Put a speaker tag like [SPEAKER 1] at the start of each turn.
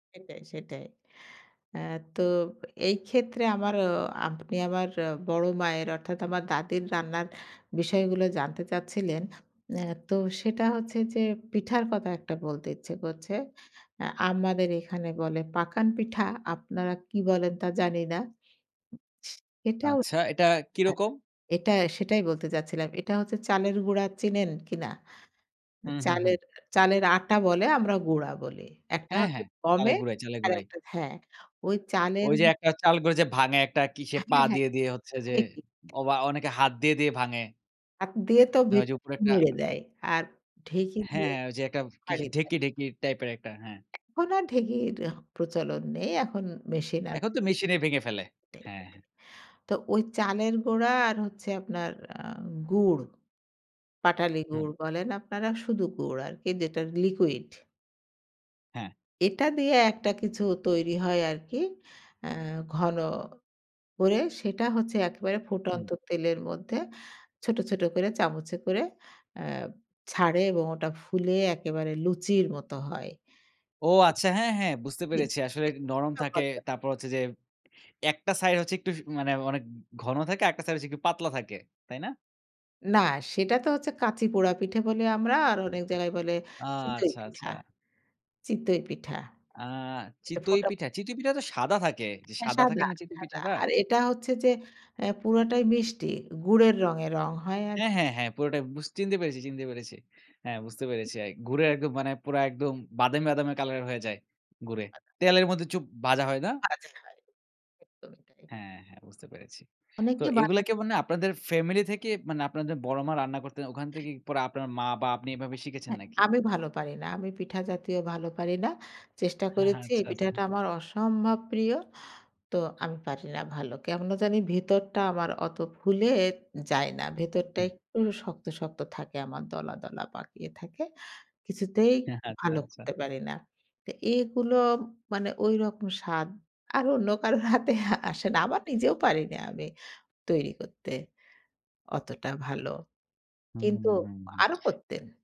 [SPEAKER 1] সেটাই, সেটাই। আ তো এই ক্ষেত্রে আমার আপনি আমার বড় মায়ের অর্থাৎ আমার দাদীর রান্নার বিষয়গুলো জানতে চাচ্ছিলেন। আ তো সেটা হচ্ছে যে পিঠার কথা একটা বলতে ইচ্ছে করছে। আ আমাদের এখানে বলে পাকান পিঠা আপনারা কি বলেন তা জানি না। উ স এটাও আ
[SPEAKER 2] আচ্ছা, এটা কি রকম?
[SPEAKER 1] এটা সেটাই বলতে চাচ্ছিলাম। এটা হচ্ছে চালের গুঁড়া চিনেন কিনা?
[SPEAKER 2] হুম, হুম, হুম।
[SPEAKER 1] চালের চালের আটা বলে আমরা গুঁড়া বলি। একটা
[SPEAKER 2] হ্যাঁ,
[SPEAKER 1] হচ্ছে
[SPEAKER 2] হ্যাঁ, চালের
[SPEAKER 1] গমের
[SPEAKER 2] গুড়া, চালের গুড়াই।
[SPEAKER 1] আরেকটা হ্যাঁ। ওই চালের
[SPEAKER 2] ওইযে একটা চাল করে যে ভাঙে একটা কিসে পা
[SPEAKER 1] হ্যাঁ, হ্যাঁ।
[SPEAKER 2] দিয়ে, দিয়ে হচ্ছে যে
[SPEAKER 1] [unintelligible]
[SPEAKER 2] অ বা অনেকে হাত দিয়ে, দিয়ে ভাঙে।
[SPEAKER 1] হাত দিয়ে তো
[SPEAKER 2] মানে ওইযে উপরে
[SPEAKER 1] ভিতরটা
[SPEAKER 2] একটা
[SPEAKER 1] নেড়ে দেয়। আর ঢেঁকি
[SPEAKER 2] হ্যাঁ,
[SPEAKER 1] দিয়ে
[SPEAKER 2] হ্যাঁ ঐযে একটা কিস
[SPEAKER 1] ভেঙে দেয়।
[SPEAKER 2] ঢেঁকি ঢেঁকি টাইপের একটা হ্যাঁ।
[SPEAKER 1] এখন আর ঢেকির প্রচলন নেই। এখন মেশিন আছে।
[SPEAKER 2] এখন তো মেশিনে ভেঙে ফেলে।
[SPEAKER 1] [unintelligible]
[SPEAKER 2] হ্যাঁ, হ্যাঁ।
[SPEAKER 1] তো ওই চালের গুড়া আর হচ্ছে আপনার আ গুড়। পাটালি
[SPEAKER 2] হুম।
[SPEAKER 1] গুড় বলেন আপনারা শুধু গুড় আরকি যেটা লিকুইড
[SPEAKER 2] হ্যাঁ।
[SPEAKER 1] এটা দিয়ে একটা কিছু তৈরি হয় আরকি। আ ঘন করে সেটা হচ্ছে একেবারে ফুটন্ত
[SPEAKER 2] হুম।
[SPEAKER 1] তেলের মধ্যে ছোট, ছোট করে চামচে করে আ ছাড়ে এবং ওটা ফুলে একেবারে লুচির মত হয়।
[SPEAKER 2] ও আচ্ছা হ্যাঁ, হ্যাঁ বুঝতে
[SPEAKER 1] উ জি,
[SPEAKER 2] পেরেছি। আসলে
[SPEAKER 1] জি
[SPEAKER 2] নরম থাকে
[SPEAKER 1] [unintelligible]
[SPEAKER 2] তারপর হচ্ছে যে একটা সাইড হচ্ছে একটু স মানে অনেক ঘন থাকে আর একটা সাইড হচ্ছে একটু পাতলা থাকে। তাই না?
[SPEAKER 1] না সেটা তো হচ্ছে কাঁচি পোড়া পিঠে বলি আমরা আর অনেক জায়গায় বলে
[SPEAKER 2] ও
[SPEAKER 1] চিতই
[SPEAKER 2] আচ্ছা,
[SPEAKER 1] পিঠা।
[SPEAKER 2] আচ্ছা।
[SPEAKER 1] চিতই পিঠা।
[SPEAKER 2] আ
[SPEAKER 1] একটা
[SPEAKER 2] চিতই
[SPEAKER 1] ফোটা
[SPEAKER 2] পিঠা,
[SPEAKER 1] ফো
[SPEAKER 2] চিতই পিঠা তো সাদা থাকে।
[SPEAKER 1] হ্যাঁ
[SPEAKER 2] সাদা থাকে
[SPEAKER 1] সাদা,
[SPEAKER 2] না চিতই
[SPEAKER 1] সাদা।
[SPEAKER 2] পিঠাটা?
[SPEAKER 1] আর এটা হচ্ছে যে আ পুরাটাই মিষ্টি। গুড়ের রঙে রঙ হয় আর
[SPEAKER 2] হ্যাঁ, হ্যাঁ, হ্যাঁ পুরোটাই বুঝ চিনতে পেরেছি, চিনতে পেরেছি। হ্যাঁ বুঝতে পেরেছি এক গুড়ে একদম মানে পুরা একদম বাদামি, বাদামি কালার হয়ে যায় গুড়ে। তেলের মধ্যে চুপ ভাজা হয় না?
[SPEAKER 1] ছাচে হয়, একদমই তাই।
[SPEAKER 2] হ্যাঁ, হ্যাঁ বুঝতে পেরেছি। তো
[SPEAKER 1] অনেকে
[SPEAKER 2] এগুলো
[SPEAKER 1] বানা
[SPEAKER 2] কি মানে আপনাদের ফ্যামিলি থেকে মানে আপনাদের বড় মা রান্না করতেন ওখান থেকে পরে আপনার মা বা আপনি এভাবে
[SPEAKER 1] এ
[SPEAKER 2] শিখেছেন
[SPEAKER 1] হ্যাঁ,
[SPEAKER 2] নাকি?
[SPEAKER 1] আমি ভালো পারি না। আমি পিঠা জাতীয় ভালো পারি না। চেষ্টা
[SPEAKER 2] হ্যাঁ, হ্যাঁ
[SPEAKER 1] করেছি
[SPEAKER 2] আচ্ছা,
[SPEAKER 1] এই
[SPEAKER 2] আচ্ছা।
[SPEAKER 1] পিঠাটা আমার অসম্ভব প্রিয়। তো আমি পারি না ভালো। কেমন জানি ভেতরটা আমার অত ফুলে যায় না। ভেতরটা
[SPEAKER 2] হুম।
[SPEAKER 1] একটু শক্ত, শক্ত থাকে আমার দলা, দলা পাকিয়ে থাকে। কিছুতেই
[SPEAKER 2] আচ্ছা,
[SPEAKER 1] ভালো
[SPEAKER 2] আচ্ছা।
[SPEAKER 1] করতে পারি না। তো এগুলো মানে ঐরকম স্বাদ আর অন্য কারো হাতে আসে না। আবার নিজেও পারিনা আমি তৈরি করতে। অতটা ভালো।
[SPEAKER 2] হুম, হুম,
[SPEAKER 1] কিন্তু
[SPEAKER 2] হুম, হুম।
[SPEAKER 1] আরো করতেন।